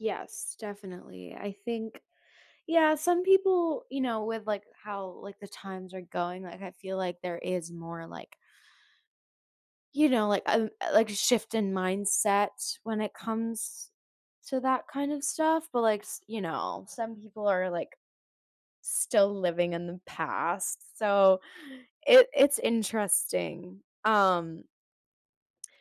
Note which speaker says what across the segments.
Speaker 1: Yes, definitely. I think yeah, some people, you know, with, like, how, like, the times are going, like, I feel like there is more, like you know, like, um uh, like a shift in mindset when it comes to that kind of stuff. But, like, s you know, some people are, like, still living in the past, so, it it's interesting. Um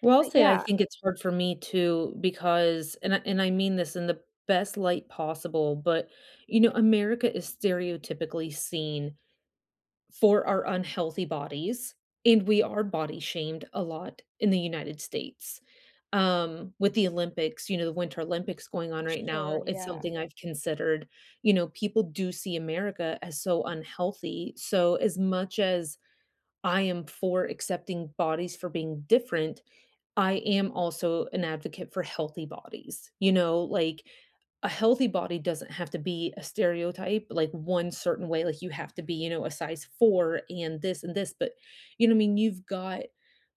Speaker 2: Well, I'll
Speaker 1: but,
Speaker 2: say, I
Speaker 1: yeah
Speaker 2: think it's hard for me too, because and I and I mean this in the best light possible, but, you know, America is stereotypically seen for our unhealthy bodies, and we are body shamed a lot in the United States. Um, with the Olympics, you know, the Winter Olympics going on right
Speaker 1: Sure,
Speaker 2: now, it's
Speaker 1: yeah.
Speaker 2: something I've considered. You know, people do see America as so unhealthy, so, as much as I am for accepting bodies for being different, I am also an advocate for healthy bodies, you know? Like, a healthy body doesn't have to be a stereotype like 1 certain way, like, "You have to be, you know, a size 4 and this and this." But, you know, I mean, you've got,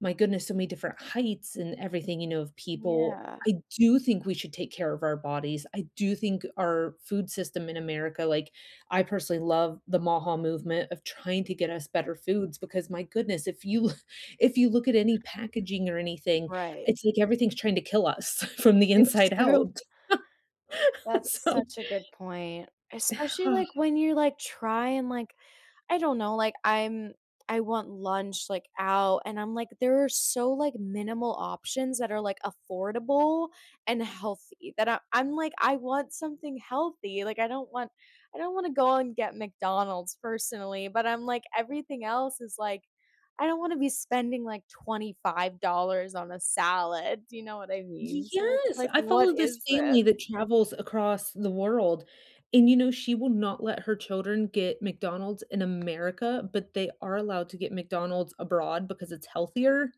Speaker 2: my goodness, so many different heights and everything, you know, of people.
Speaker 1: Yeah.
Speaker 2: I do think we should take care of our bodies, I do think our food system in America like, I personally love the MAHA movement of trying to get us better foods because, my goodness, if you if you look at any packaging or anything,
Speaker 1: Right.
Speaker 2: it's like everything's trying to kill us from the
Speaker 1: It's
Speaker 2: inside
Speaker 1: true.
Speaker 2: out.
Speaker 1: That's
Speaker 2: So
Speaker 1: such a good point. Especially, like, when you're, like, trying, like I don't know. Like, I'm I want lunch, like, out and I'm, like, "There are so, like, minimal options that are, like, affordable and healthy." That I I'm, like, "I want something healthy." Like, I don't want I don't wanna go and get McDonald's, personally. But I'm, like, "Everything else is, like I don't wanna be spending, like, $25 on a salad." Do you know what I
Speaker 2: Y
Speaker 1: mean? So, it's,
Speaker 2: yes.
Speaker 1: like,
Speaker 2: I
Speaker 1: "What
Speaker 2: follow this
Speaker 1: is
Speaker 2: family that
Speaker 1: this?"
Speaker 2: travels across the world and, you know, she will not let her children get McDonald's in America, but they are allowed to get McDonald's abroad because it's healthier.